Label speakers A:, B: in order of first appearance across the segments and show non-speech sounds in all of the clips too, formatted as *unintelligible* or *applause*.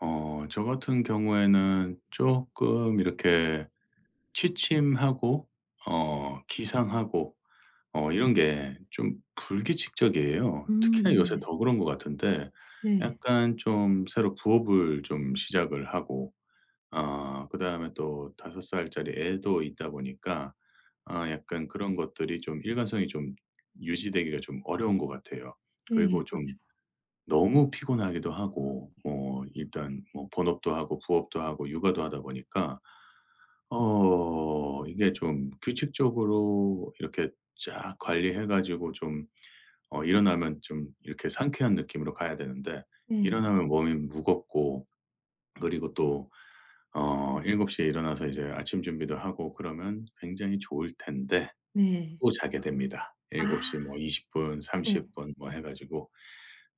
A: 어 저같은 경우에는 쪼끔 이렇게 취침하고 어 기상하고 어 이런 게 좀 불규칙적이에요.
B: 음
A: 특히나 요새
B: 네.
A: 더 그런 것 같은데
B: 네.
A: 약간 좀 새로 부업을 좀 시작을 하고 아 그다음에 또 5 살짜리 애도 있다 보니까 아 약간 그런 것들이 좀 일관성이 좀 유지되기가 좀 어려운 것 같아요.
B: 네.
A: 그리고 좀
B: 그렇죠.
A: 너무 피곤하기도 하고 뭐 일단 뭐 본업도 하고 부업도 하고 육아도 하다 보니까 어 이게 좀 규칙적으로 이렇게 쫙 관리해 가지고 좀 어 일어나면 좀 이렇게 상쾌한 느낌으로 가야 되는데
B: 네.
A: 일어나면 몸이 무겁고 그리고 또 어 7:00 에 일어나서 이제 아침 준비도 하고 그러면 굉장히 좋을 텐데
B: 네.
A: 또 자게 됩니다 7:00
B: 아
A: 뭐 20 분,
B: 네.
A: 30 분 뭐 해 가지고.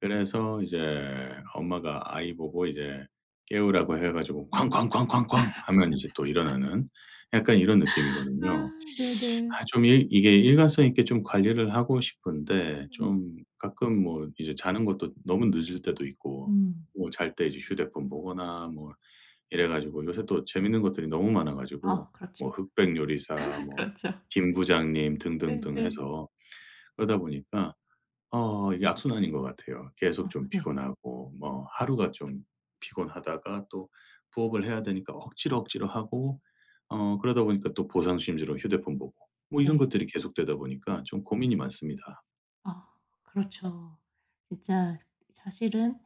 A: 그래서 이제 엄마가 아이 보고 이제 깨우라고 해 가지고 "쾅쾅쾅쾅쾅." 하면 이제 또
B: *laughs*
A: 일어나는 약간 이런 느낌이거든요.
B: 아
A: *sucks teeth*
B: 네네.
A: 아 좀 일 이게 일관성 있게 좀 관리를 하고 싶은데
B: 음.
A: 좀 가끔 뭐 이제 자는 것도 너무 늦을 때도 있고
B: 음.
A: 또 잘 때 이제 휴대폰 보거나 뭐 이래 가지고 요새 또 재밌는 것들이 너무 많아
B: 아
A: 가지고
B: 그렇죠.
A: 뭐
B: 네.
A: 흑백 요리사
B: *laughs*
A: 뭐
B: 그렇죠.
A: 김 부장님
B: 네. 네
A: 등등등
B: 네.
A: 해서 그러다 보니까 어 이게 악순환인 것 같아요.
B: 아
A: 계속 좀
B: 네.
A: 피곤하고 뭐 하루가 좀 피곤하다가 또 부업을 해야 되니까 억지로 억지로 하고 어 그러다 보니까 또 보상심리로 휴대폰 보고 뭐 이런
B: 네.
A: 것들이 계속되다 보니까 좀 고민이 많습니다.
B: 아 그렇죠. 진짜 사실은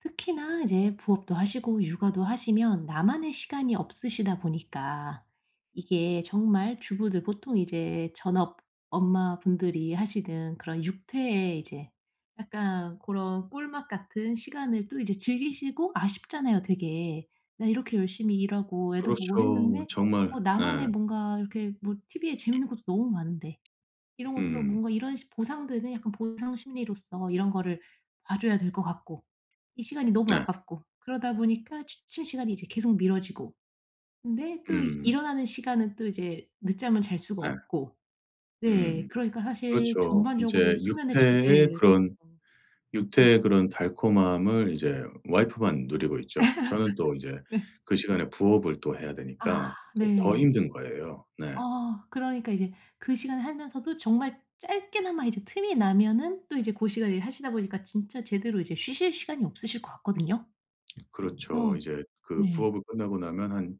B: 특히나 이제 부업도 하시고 육아도 하시면 나만의 시간이 없으시다 보니까 이게 정말 주부들 보통 이제 전업 엄마분들이 하시는 그런 육퇴에 이제 약간 고런 꿀맛 같은 시간을 또 이제 즐기시고 아쉽잖아요 되게. '나 이렇게 열심히 일하고 애도 보고
A: 그렇죠.
B: 했는데
A: 정말
B: 어
A: 예.
B: 나만의 뭔가 이렇게 뭐 티브이에 재밌는 것도 너무 많은데 이런 것도
A: 음.
B: 뭔가 이런 보상 되네?' 약간 보상 심리로서 이런 거를 봐 줘야 될 것 같고 이 시간이 너무
A: 네.
B: 아깝고 그러다 보니까 취침 시간이 이제 계속 미뤄지고 근데 또
A: 음.
B: 일어나는 시간은 또 이제 늦잠을 잘 수가
A: 네.
B: 없고 네
A: 음.
B: 그러니까 사실
A: 그렇죠.
B: 전반적으로
A: 이제
B: 수면의
A: 육퇴의
B: 질들이
A: 그런
B: 좀 음.
A: 육퇴의 그런 달콤함을 이제 와이프만 누리고 있죠. 저는 또 이제
B: *laughs* 네.
A: 그 시간에 부업을 또 해야
B: 아
A: 되니까 또 더
B: 네.
A: 힘든 거예요. 네.
B: 어 그러니까 이제 그 시간에 하면서도 정말 짧게나마 이제 틈이 나면은 또 이제 고시간 일하시다 보니까 진짜 제대로 이제 쉬실 시간이 없으실 것 같거든요?
A: *smacks lips* 그렇죠.
B: 그래서
A: 이제 그
B: 네.
A: 부업을 끝나고 나면 한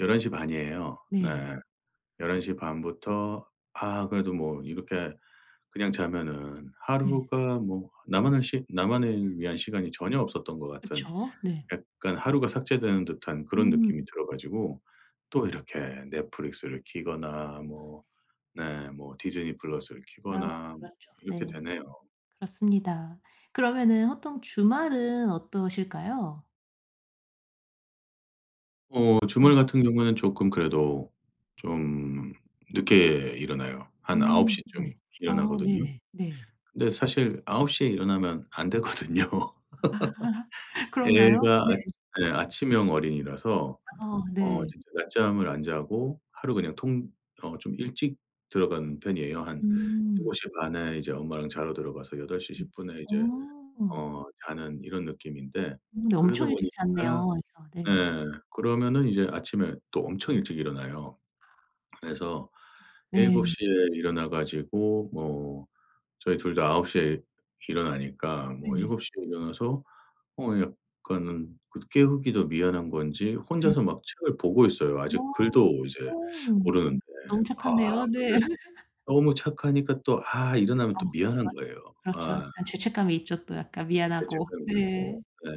A: 11:30 이에요. 네.
B: 네.
A: 11:30 부터 아 그래도 뭐 이렇게 그냥 자면은
B: 네.
A: 하루가 뭐 나만을 시 나만을 위한 시간이 전혀 없었던 것 같은
B: 그쵸. 네.
A: 약간 하루가 삭제되는 듯한 그런
B: 음.
A: 느낌이 들어 가지고 또 이렇게 넷플릭스를 키거나 뭐 네 뭐 디즈니 플러스를
B: 아유
A: 키거나 뭐
B: 그렇죠.
A: 이렇게
B: 네.
A: 되네요.
B: 그렇습니다. 그러면은 보통 주말은 어떠실까요?
A: 어 주말
B: 네.
A: 같은 경우에는 쪼끔 그래도 좀 늦게 일어나요. 한 아홉
B: 음
A: 시 쯤
B: 네. 아
A: 일어나거든요.
B: 네네. 네.
A: 근데 사실 9:00 에 일어나면 안 되거든요.
B: 아 *laughs*
A: *laughs*
B: 그런가요?
A: 애가
B: 네.
A: 아 예 아침형 어린이라서
B: 아
A: 어
B: 네.
A: 진짜 낮잠을 안 자고 하루 그냥 통 어 좀 일찍 들어가는 편이에요. 한
B: 음.
A: 7:30 에 이제 엄마랑 자러 들어가서 여덟 시
B: 음.
A: 십분 에 이제
B: 어.
A: 어 자는 이런 느낌인데
B: 음 네
A: 그러다
B: 엄청 일찍
A: 보니까
B: 잤네요. 그래서 네.
A: 예 그러면은 이제 아침에 또 엄청 일찍 일어나요. 그래서 일곱
B: 네.
A: 시 에 일어나 가지고 뭐 저희 2 다 9:00 에 일어나니까 뭐
B: 네.
A: 7:00 에 일어나서 어 약간은 그래도 깨우기도 미안한 건지
B: 네
A: 혼자서 막 책을 보고 있어요 아직
B: 어.
A: 글도 이제
B: 오.
A: 모르는데.
B: 너무
A: 아
B: 착한데요. 네.
A: 근데
B: *laughs*
A: 너무 착하니까 또 아 일어나면
B: 아
A: 또 미안한
B: 그렇죠,
A: 거예요.
B: 그렇죠.
A: 아.
B: 약간 죄책감이 있죠 또 약간 미안하고.
A: 죄책감이 들고
B: 네.
A: 네.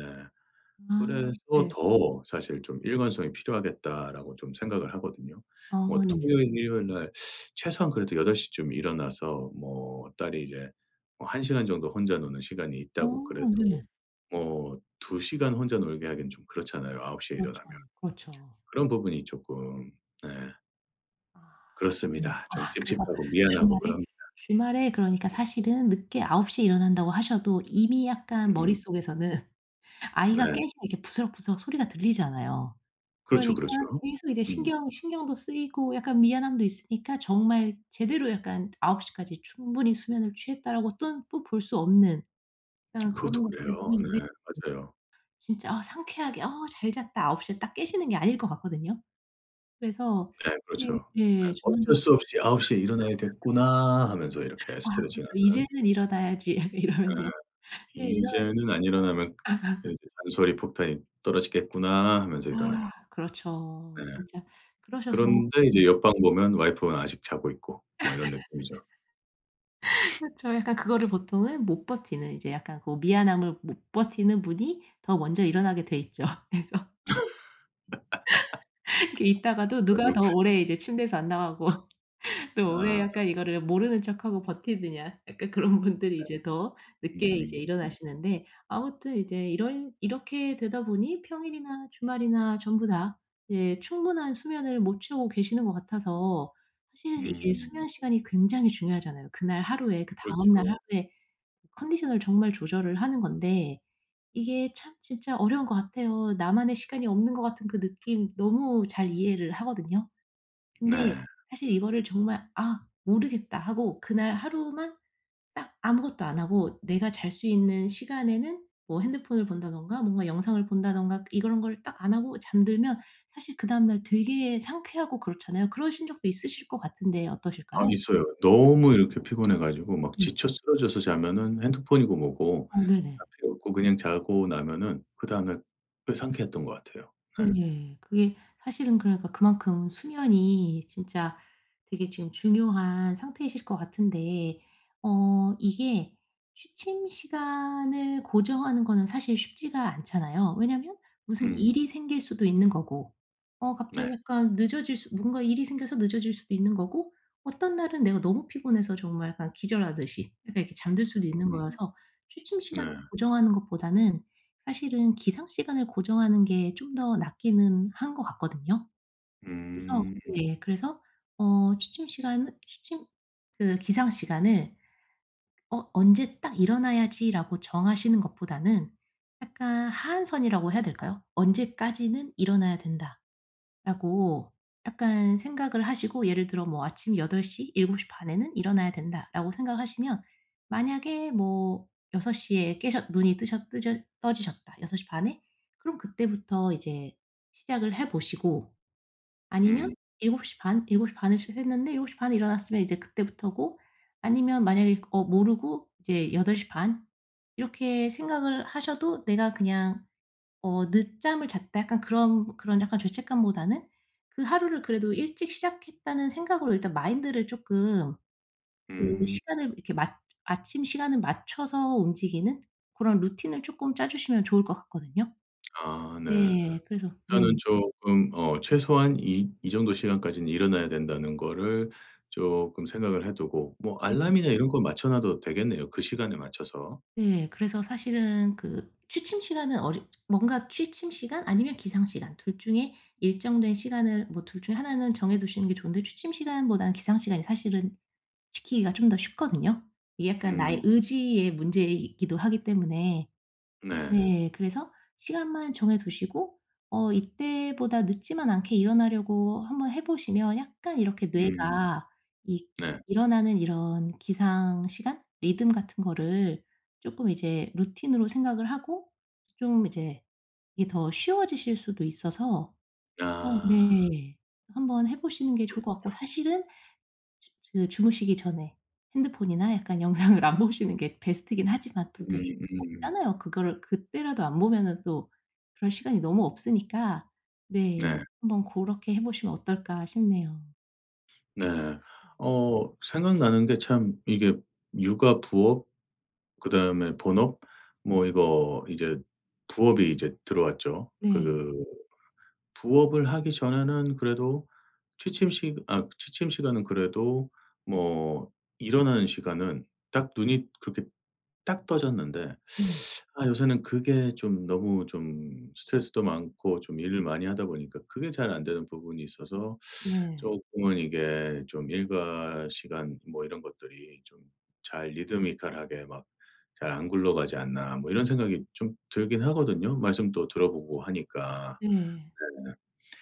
A: 그래서
B: 아 네.
A: 더 사실 좀 '일관성이 필요하겠다.'라고 좀 생각을 하거든요.
B: 아
A: 뭐
B: 네.
A: 토요일, 일요일날 최소한 그래도 8:00 쯤 일어나서 뭐 딸이 이제 어 1 시간 정도 혼자 노는 시간이
B: 어
A: 있다고 그래도
B: 네.
A: 뭐 2 시간 혼자 놀게 하기는 좀 그렇잖아요. 9:00 에
B: 그렇죠,
A: 일어나면.
B: 그렇죠.
A: 그런 부분이 쪼끔 네.
B: 아 네
A: 그렇습니다. 좀
B: 아 그래서
A: 찝찝하고 미안하고
B: 주말에
A: 그럽니다.
B: 주말에 그러니까 사실은 늦게 9 시에 일어난다고 하셔도 이미 약간
A: 음.
B: 머릿속에서는 *laughs* 아이가
A: 네.
B: 깨시면 이렇게 부스럭부스럭 소리가 들리잖아요.
A: 그렇죠
B: 그러니까
A: 그렇죠.
B: 계속 이제
A: 음.
B: 신경이 신경도 쓰이고 약간 미안함도 있으니까 정말 제대로 약간 '9 시까지 충분히 수면을 취했다.'라고 또 뽀 볼 수 없는 그냥
A: 그것도
B: 고런 것
A: 그래요.
B: 때문에
A: 네
B: 네
A: 맞아요.
B: 진짜 '아 상쾌하게 아 잘 잤다.' 9 시에 딱 깨시는 게 아닐 것 같거든요. 그래서
A: 네
B: 이게
A: 그렇죠.
B: 예
A: 예
B: *unintelligible*
A: '어쩔
B: *laughs*
A: 수 없이 9 시에 일어나야 겠구나.' 하면서 이렇게
B: 아 그렇죠.
A: 스트레칭하는.
B: '이제는 일어나야지.' 이러면서
A: 예
B: 네 일어나
A: '이제는 안 일어나면
B: *unintelligible* *laughs*
A: 이제 잔소리 폭탄이 떨어지겠구나.' 하면서
B: 아
A: 일어나요. 네.
B: 그렇죠. 진짜 그러셔서
A: 그런데 이제
B: 네.
A: 옆방 보면 와이프는 아직 자고 있고 뭐 이런 느낌이죠.
B: *laughs*
A: *sniffs*
B: 그쵸. 약간 그거를 보통은 못 버티는 이제 약간 그 미안함을 못 버티는 분이 더 먼저 일어나게 돼 있죠 그래서
A: *laughs*
B: *laughs* 이렇게 있다가도 누가 더
A: *unintelligible*
B: 오래 이제 침대에서 안 나가고 *laughs* 또 오래
A: 아.
B: 약간 이거를 모르는 척하고 버티느냐 약간 그런 분들이
A: 네.
B: 이제 더 늦게 이제
A: 음. 음.
B: 일어나시는데 아무튼 이제 이런 이렇게 되다 보니 평일이나 주말이나 전부 다 예 충분한 수면을 못 채우고 계시는 것 같아서 사실 이게
A: 음.
B: 수면 시간이 굉장히 중요하잖아요. 그날 하루에 그 다음 날
A: 그렇죠.
B: 하루에 컨디션을 정말 조절을 하는 건데 이게 참 진짜 어려운 것 같아요. 나만의 시간이 없는 것 같은 그 느낌 너무 잘 이해를 하거든요. 근데
A: 네.
B: 사실 이거를 정말 '아 모르겠다.' 하고 그날 하루만 딱 아무것도 안 하고 내가 잘 수 있는 시간에는 뭐 핸드폰을 본다든가 뭔가 영상을 본다든가 이런 걸 딱 안 하고 잠들면 사실 그다음 날 되게 상쾌하고 그렇잖아요. 그러신 적도 있으실 것 같은데
A: 아
B: 어떠실까요?
A: 있어요. 너무 이렇게 피곤해 가지고 막
B: 예.
A: 지쳐 쓰러져서 자면은 핸드폰이고 뭐고
B: 어
A: 다
B: 네네.
A: 필요 없고 그냥 자고 나면은 그다음에 꽤 상쾌했던 것 같아요. 네.
B: 네네. 그게 사실은 그러니까 그만큼 수면이 진짜 되게 지금 중요한 상태이실 것 같은데 어 이게 취침 시간을 고정하는 거는 사실 쉽지가 않잖아요. 왜냐하면 무슨
A: 음.
B: 일이 생길 수도 있는 거고. 어
A: 네.
B: 갑자기 약간 늦어질 수 뭔가 일이 생겨서 늦어질 수도 있는 거고. 어떤 날은 내가 너무 피곤해서 정말 약간 기절하듯이 약간 이렇게 잠들 수도 있는
A: 음.
B: 거여서 취침
A: 네.
B: 시간을 고정하는 것보다는 사실은 기상 시간을 고정하는 게 좀 더 낫기는 한 것 같거든요. 그래서
A: 음.
B: 네 그래서 어 취침 시간을 취침 그 기상 시간을 어 '언제 딱 일어나야지.' 라고 정하시는 것보다는 약간 하한선이라고 해야 될까요? '언제까지는 일어나야 된다.'라고 약간 생각을 하시고 예를 들어 뭐 '아침 8 시, 7:30 에는 일어나야 된다.' 라고 생각하시면 만약에 뭐 6 시에 깨셨 눈이 뜨셨 뜨졌 떠지셨다 6:30 에. 그럼 그때부터 이제 시작을 해 보시고. 아니면
A: 음.
B: 7:30? 7:30 에 시작했는데 7:30 에 일어났으면 이제 그때부터고 아니면 만약에 어 모르고 이제 8:30 이렇게 생각을 하셔도 내가 그냥 어 '늦잠을 잤다.' 약간 그런 그런 약간 죄책감보다는 그 하루를 그래도 일찍 시작했다는 생각으로 일단 마인드를 쪼끔 그
A: 음.
B: 시간을 이렇게 맞 아침 시간을 맞춰서 움직이는 고런 루틴 을 조금 짜 주시면 좋을 것 같거든요.
A: 아 네.
B: 네. 그래서 네.
A: 일단은 쪼끔 어 최소한 이 '이 정도 시간까지는 일어나야 된다.'는 거를 쪼끔 생각을 해 두고 뭐
B: 네네.
A: 알람이나 이런 거 맞춰놔도 되겠네요 그 시간에 맞춰서.
B: 네. 그래서 사실은 그 취침 시간은 어렵 뭔가 취침 시간 아니면 기상 시간 2 중에 일정된 시간을 뭐 2 중에 1 는 정해 두시는 게 좋은데 취침 시간보다는 기상 시간이 사실은 지키기가 좀 더 쉽거든요. 이게 약간 나의
A: 음.
B: 의지의 문제이기도 하기 때문에.
A: 네.
B: 네. 그래서 시간만 정해두시고 어 이때보다 늦지만 않게 일어나려고 한번 해 보시면 약간 이렇게
A: 음.
B: 뇌가 이
A: 네.
B: 일어나는 이런 기상 시간? 리듬 같은 거를 쪼끔 이제 루틴으로 생각을 하고 좀 이제 이게 더 쉬워지실 수도 있어서 어
A: 아.
B: 네 한번 해 보시는 게 좋을 것 같고.
A: 그렇군요.
B: 사실은 주무시기 전에 핸드폰이나 약간 영상을 안 보시는 게 베스트긴 하지만 또 되게
A: 음 음.
B: 없잖아요. 그거를 그때라도 안 보면은 또 그럴 시간이 너무 없으니까. 네.
A: 네.
B: 한번 고렇게 해 보시면 어떨까 싶네요.
A: 네.
B: 음.
A: 어 생각나는 게 참 이게 육아, 부업 그다음에 본업 뭐 이거 이제 부업이 이제 들어왔죠.
B: 네.
A: 그 부업을 하기 전에는 그래도 취침 시 아 취침 시간은 그래도 뭐 일어나는 시간은 딱 눈이 그렇게 딱 떠졌는데
B: 네.
A: *sucks teeth* 아 요새는 그게 좀 너무 좀 스트레스도 많고 좀 일을 많이 하다 보니까 그게 잘 안되는 부분이 있어서
B: 네.
A: 쪼끔은 이게 좀 일과시간 뭐 이런 것들이 좀 잘' 리드미컬 하게 막 잘 안 굴러가지 않나.' 뭐 이런 생각이 좀 들긴 하거든요. 말씀도 들어 보고 하니까
B: 네.
A: 네.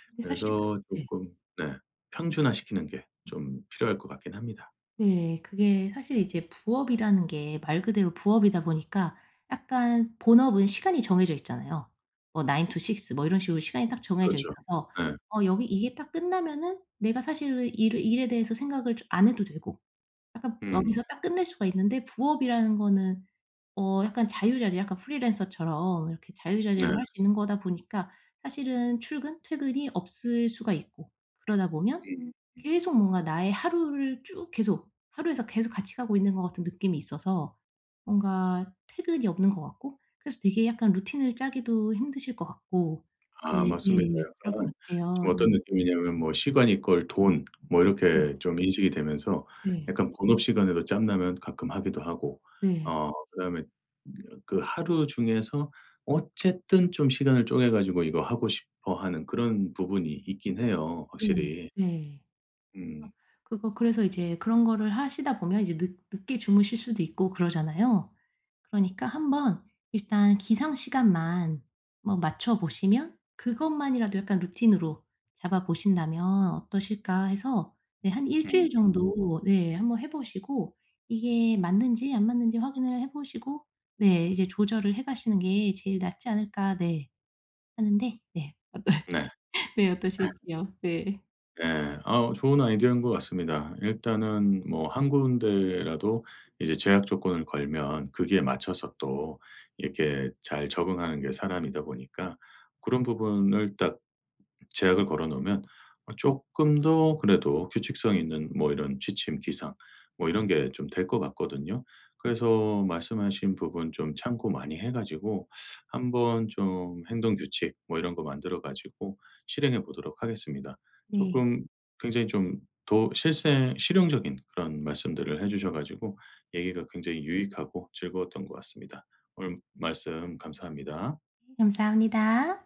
B: 근데 사실
A: 그래서
B: 네.
A: 쪼끔 네 평준화시키는 게 좀 필요할 것 같긴 합니다.
B: 네. 그게 사실 이제 부업이라는 게 말 그대로 부업이다 보니까 약간 본업은 시간이 정해져 있잖아요. 뭐 9 to 6 뭐 이런 식으로 시간이 딱 정해져
A: 그렇죠.
B: 있어서
A: 예.
B: 어 여기 이게 딱 끝나면은 내가 사실 왜 일을 일에 대해서 생각을 좀 안 해도 되고 약간
A: 음.
B: 여기서 딱 끝낼 수가 있는데 부업이라는 거는 어 약간 자유자재 약간 프리랜서처럼 이렇게
A: 네.
B: 자유자재로 할 수 있는 거다 보니까 사실은 출근 퇴근이 없을 수가 있고 그러다 보면
A: 음 음.
B: 계속 뭔가 나의 하루를 쭉 계속 하루에서 계속 같이 가고 있는 것 같은 느낌이 있어서 뭔가 퇴근이 없는 것 같고 그래서 되게 약간 루틴을 짜기도 힘드실 것 같고
A: 아 맞습니다.
B: 예예 그럴 것
A: 약간 좀
B: 같아요.
A: 어떤
B: 음.
A: 느낌이냐면 뭐 시간 이퀄 돈 뭐
B: 음.
A: 이렇게 좀 인식이 되면서
B: 네.
A: 약간 본업 시간에도 짬나면 가끔 하기도 하고
B: 네.
A: 어 그다음에 그 하루 중에서 어쨌든 좀 시간을 쪼개 가지고 이거 하고 싶어 하는 그런 부분이 있긴 해요
B: 네
A: 확실히.
B: 네. 아
A: 음.
B: 그거 그래서 이제 그런 거를 하시다 보면 이제 늦 늦게 주무실 수도 있고 그러잖아요. 그러니까 한번 일단 기상시간만 뭐 맞춰 보시면 '그것만이라도 약간 루틴으로 잡아 보신다면 어떠실까?' 해서 네 한 1
A: 음
B: 주일
A: 음.
B: 정도 네 한번 해 보시고 이게 맞는지 안 맞는지 확인을 해 보시고 네 이제 조절을 해 가시는 게 '제일 낫지 않을까?' 네 하는데 네 어떠시
A: 네.
B: *laughs* 네
A: *laughs*
B: 어떠실지요? 네.
A: 예. 어 좋은 아이디어인 것 같습니다. 일단은 뭐 1 군데라도 이제 제약 조건을 걸면 거기에 맞춰서 또 이렇게 잘 적응하는 게 사람이다 보니까 그런 부분을 딱 제약을 걸어 놓으면 쪼끔 더 그래도 규칙성 있는 뭐 이런 취침, 기상 뭐 이런 게 좀 될 것 같거든요. 그래서 말씀하신 부분 좀 참고 많이 해 가지고 한번 좀 행동 규칙 뭐 이런 거 만들어 가지고 실행해 보도록 하겠습니다.
B: 네.
A: 쪼끔 굉장히 좀 더 실생 실용적인 그런 말씀들을 해 주셔 가지고 얘기가 굉장히 유익하고 즐거웠던 것 같습니다. 오늘 말씀 감사합니다.
B: 네 감사합니다.